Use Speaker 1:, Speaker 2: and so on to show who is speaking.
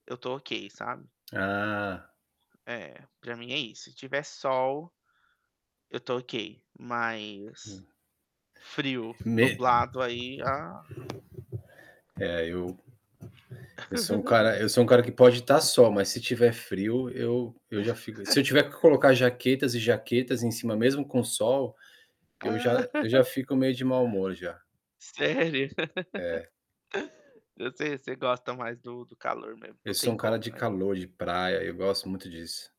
Speaker 1: Eu tô ok, sabe?
Speaker 2: Ah.
Speaker 1: É, pra mim é isso, se tiver sol, eu estou ok, mas,
Speaker 2: Hum.
Speaker 1: frio,
Speaker 2: Me
Speaker 1: nublado aí. Ah
Speaker 2: É eu eu sou um cara eu sou um cara que pode tá sol, mas se estiver frio, eu eu já fico. Se eu tiver que colocar jaquetas e jaquetas em cima mesmo com sol, eu já eu já fico meio de mau humor já.
Speaker 1: Sério?
Speaker 2: É.
Speaker 1: Você você gosta mais do do calor mesmo, não
Speaker 2: Eu sou
Speaker 1: tem
Speaker 2: um cara
Speaker 1: como,
Speaker 2: de
Speaker 1: né?
Speaker 2: calor, de praia, eu gosto muito disso.